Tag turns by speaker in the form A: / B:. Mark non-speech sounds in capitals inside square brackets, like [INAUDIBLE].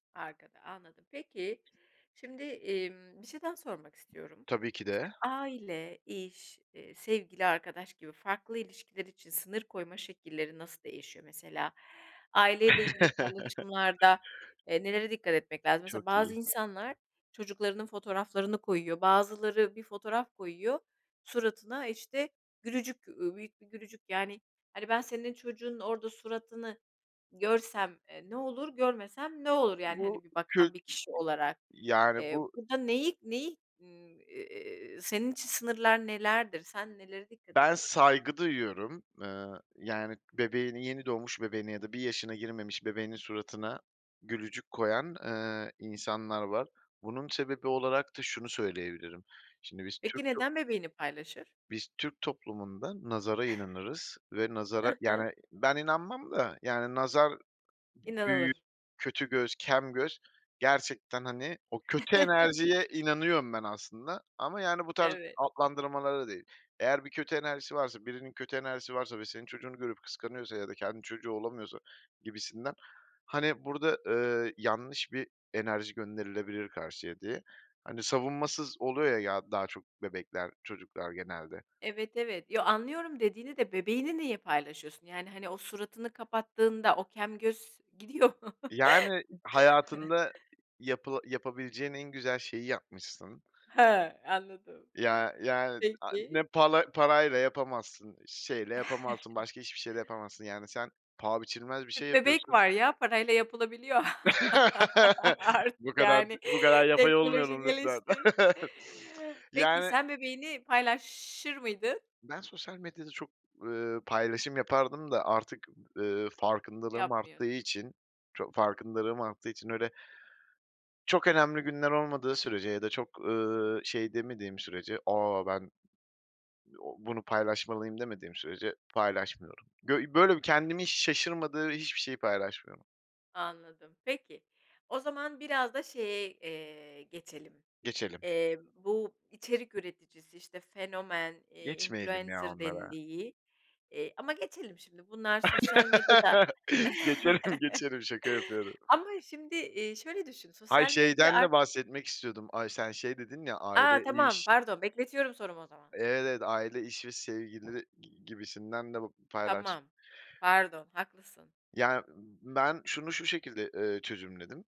A: Arkada, anladım. Peki, şimdi, emm, bir şey daha sormak istiyorum.
B: Tabii ki
A: İşte,
B: de.
A: aile, iş, eee, sevgili, arkadaş gibi farklı ilişkiler için sınır koyma şekilleri nasıl değişiyor? Mesela aile ile ilgili
B: [CHUCKLES]
A: paylaşımlarda, eee, nelere dikkat etmek lazım? Mesela
B: Çok
A: bazı
B: iyi.
A: insanlar çocuklarının fotoğraflarını koyuyor, bazıları bir fotoğraf koyuyor, suratına, işte, gülücük, uuu, büyük bir gülücük. Yani, hani, ben senin çocuğunun orada suratını görsem, eee, ne olur, görmesem ne olur? Yani,
B: Bu
A: hani, bir bakan
B: kök
A: bir kişi olarak,
B: Yani
A: eee,
B: bu
A: burada neyi neyi, ııı, iii, senin için sınırlar nelerdir, sen nelere dikkat
B: Ben
A: ediyorsun?
B: saygı duyuyorum. Iıı, yani bebeğini, yeni doğmuş bebeğine ya da bir yaşına girmemiş bebeğinin suratına gülücük koyan, ııı, insanlar var. Bunun sebebi olarak da şunu söyleyebilirim, şimdi biz
A: Peki
B: Türk top
A: neden bebeğini paylaşır?
B: biz Türk toplumunda nazara inanırız ve nazara,
A: Hı hı.
B: yani, ben inanmam da. Yani nazar, ııı, büyü,
A: İnanılır.
B: kötü göz, kem göz... Gerçekten, hani, o kötü enerjiye
A: [CHUCKLES]
B: inanıyorum ben aslında ama yani bu tarz
A: Evet.
B: adlandırmalara değil. Eğer bir kötü enerjisi varsa, birinin kötü enerjisi varsa ve senin çocuğunu görüp kıskanıyorsa ya da kendi çocuğu olamıyorsa gibisinden. Hani burada, ııı, yanlış bir enerji gönderilebilir karşıya diye, hani, savunmasız oluyor, ya, daha çok bebekler, çocuklar genelde.
A: Evet, evet. Yo, anlıyorum dediğini de, bebeğini niye paylaşıyorsun? Yani, hani, o suratını kapattığında o kem göz gidiyor
B: Yani,
A: [CHUCKLES]
B: hayatında yapıla yapabileceğin en güzel şeyi yapmışsın.
A: Ha, anladım.
B: Ya, yani, ay, ne
A: Peki.
B: pal parayla yapamazsın, şeyle yapamazsın,
A: [CHUCKLES]
B: başka hiçbir şey ile yapamazsın. Yani, sen paha biçilmez bir şey
A: Tüp bebek
B: yapıyorsun.
A: var ya, parayla yapılabiliyor. [CHUCKLES]
B: [LAUGHS]
A: Artık,
B: Bu kadar d
A: yani,
B: bu kadar yapay
A: teknoloji
B: olmayalım, lütfen.
A: gelişti. Peki
B: Yani
A: sen bebeğini paylaşır mıydın?
B: Ben sosyal medyada çok, ııı, paylaşım yapardım da, artık, ııı, farkındalığım
A: Yapmıyorsun.
B: arttığı için ço farkındalığım arttığı için, öyle çok önemli günler olmadığı sürece ya da çok, ııı,
A: Hıı.
B: şey demediğim sürece, "A, ben [UNINTELLIGIBLE] bunu paylaşmalıyım." demediğim sürece, paylaşmıyorum. Bö böyle kendimi hiç şaşırtmadığı hiçbir şeyi paylaşmıyorum.
A: Anladım. Peki, o zaman biraz da şeye, eee, geçelim,
B: Geçelim.
A: eee, bu içerik üreticisi, işte, fenomen,
B: Geçmeyelim ya
A: influencer
B: onlara.
A: dendiği Eee, ama geçelim şimdi bunlar sosyal medyada
B: [LAUGHS] Geçelim,
A: [CHUCKLES]
B: geçelim. Şaka yapıyorum.
A: Ama şimdi, iii, şöyle düşün
B: Hayır,
A: sosyal medya
B: şeyden de
A: artık
B: bahsetmek istiyordum. Ay, sen şey dedin ya,
A: A!
B: "Aile,
A: Tamam.
B: iş"
A: Pardon, bekletiyorum sorumu o zaman.
B: Evet, aile, iş ve sevgili g gibisinden de b paylaştım
A: Tamam. Pardon, haklısın.
B: Yani, ben şunu şu şekilde, ııı, çözümledim